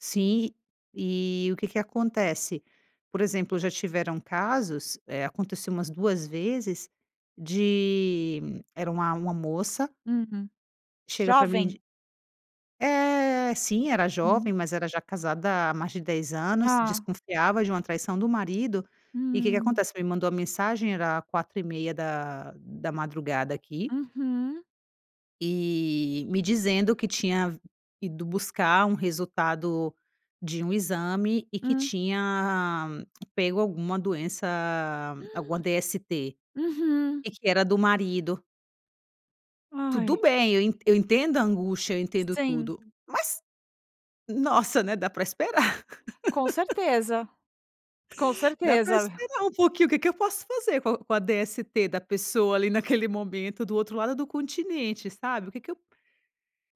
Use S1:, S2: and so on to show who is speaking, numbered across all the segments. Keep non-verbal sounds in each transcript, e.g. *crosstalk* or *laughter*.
S1: Sim, e o que que acontece? Por exemplo, já tiveram casos, eh, aconteceu umas 2 vezes, de era uma uma moça
S2: Uhum.
S1: chega pra mim
S2: Jovem?
S1: de Eh, sim era jovem,
S2: Hum.
S1: mas era já casada, há mais de 10 anos,
S2: Ah.
S1: desconfiava de uma traição do marido e que que
S2: Hum.
S1: acontece? Me mandou a mensagem, era 4:30h da da madrugada aqui
S2: Uhum.
S1: e me dizendo que tinha ido buscar, um resultado de um exame e que
S2: Hum.
S1: tinha pego, alguma doença, alguma DST
S2: *gasps* Uhum.
S1: e que era do marido.
S2: Ai.
S1: Tudo bem eu eu entendo a angústia, eu entendo
S2: Sim.
S1: tudo, mas, nossa, né, dá pra esperar.
S2: Com
S1: *chuckles*
S2: certeza, com
S1: Dá pra
S2: certeza.
S1: esperar um pouquinho, o que que eu posso fazer com a com a DST da pessoa ali naquele momento, do outro lado do continente sabe o que que eu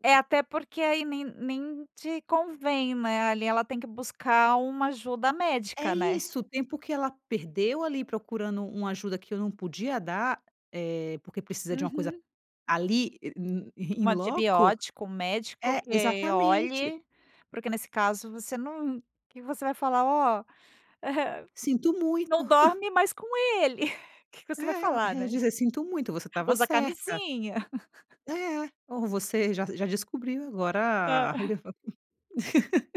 S2: É até porque, aí nem nem te convém, né, ali ela tem que buscar uma ajuda
S1: É
S2: médica, né?
S1: isso, o tempo que ela perdeu, ali procurando uma ajuda, que eu não podia dar, eh, porque precisa de uma coisa
S2: Uhum.
S1: ali, in -in hum in
S2: 1
S1: loco
S2: antibiótico, 1 médico
S1: é
S2: que
S1: exatamente.
S2: olhe, porque nesse caso você não que você vai falar, ó,
S1: Sinto
S2: *chuckles*
S1: muito.
S2: não
S1: *chuckles*
S2: dorme mais com ele. *chuckles* Que que você vai falar,
S1: É,
S2: né,
S1: dizer "Sinto muito você estava
S2: usa
S1: certa"
S2: camisinha. *chuckles*
S1: "é ó você já já descobriu
S2: Hã?
S1: agora,
S2: *chuckles*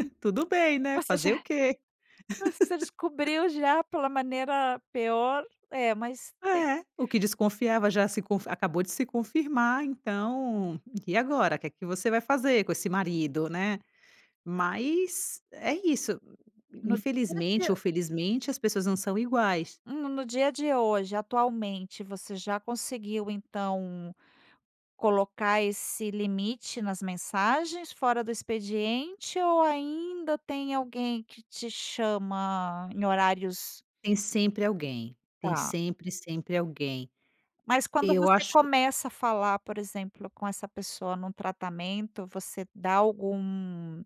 S2: Hum,
S1: tudo bem, né,
S2: você
S1: fazer o
S2: já,
S1: quê"?
S2: você
S1: *chuckles*
S2: descobriu já pela maneira peor, é mais tem
S1: É o que desconfiava já se confi acabou de se confirmar, então, e agora que que você vai fazer, com esse marido, né. Mas é isso,
S2: No dia a
S1: infelizmente ou
S2: de
S1: felizmente as pessoas não são iguais.
S2: No no dia a dia hoje, atualmente, você já conseguiu, então, colocar esse limite nas mensagens, fora do expediente ou ainda tem alguém que te chama em horários?
S1: Tem sempre alguém, tem
S2: Tá.
S1: sempre, sempre alguém.
S2: Mas quando
S1: Eu
S2: você
S1: acho
S2: começa a falar, por exemplo, com essa pessoa no tratamento. Você da algum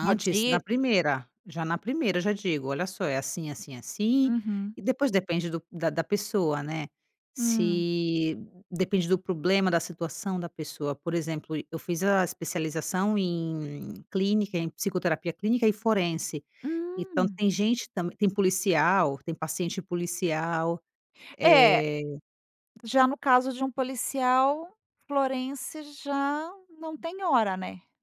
S2: uma
S1: na
S2: dica?
S1: primeira, já na primeira eu já digo, olha só é assim, assim, assim
S2: Uhum.
S1: e depois depende do da da pessoa né.
S2: Hum.
S1: Se depende do problema, da situação da pessoa, por exemplo eu fiz a especialização em clínica, em psicoterapia clínica e forense, então
S2: Hum.
S1: tem gente também tem policial, tem paciente policial
S2: É,
S1: eh
S2: já no caso, de um policial forense já não tem hora, né?